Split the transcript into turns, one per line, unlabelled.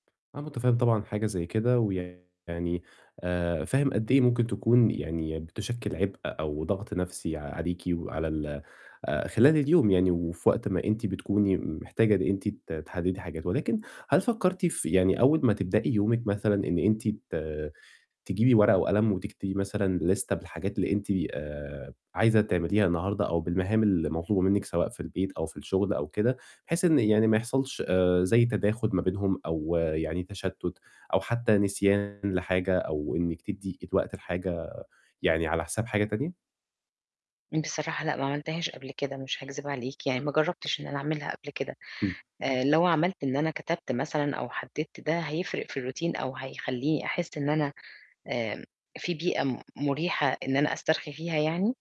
أنا مُتفهِّم طبعًا حاجة زي كده ويعني آآ فاهم قد إيه ممكن تكون يعني بتُشكِّل عِبء أو ضَغْط نَفْسي عليكِ وعلى ال آآ خلال اليوم يعني وفي وقت ما أنتِ بتكوني م محتاجة إن أنتِ ت تحدّدي حاجات ولكن هل فكّرتِ في يعني أول ما تبدئي يومِك مثلًا إن أنتِ ت تجيبي ورقة وقلم وتكتبي مثلًا ليستة بالحاجات اللي أنتِ آآ عايزة تعمليها النهارده أو بالمهام اللي مطلوبة منِّك سواء في البيت أو في الشُغل أو كده بحيث إن يعني ما يحصلش آآ زي تَداخُل ما بينهم أو يعني تشتُّت أو حتّى نسيان لحاجة أو إنِّك تدّي وقت لحاجة يعني على حساب حاجة تانية؟
بصراحة لأ، ما عملتهاش قبل كده مش هاكذب عليك، يعني ما جرّبتش إن أنا أعملها قبل كده.
إمم.
آآ لو عملت إن أنا كتبت مثلًا أو حدّدت ده، هيفرق في الRountine أو هيخلّيني أحس إن أنا آمم في بيئة م مُريحة إن أنا أسترخي فيها يعني؟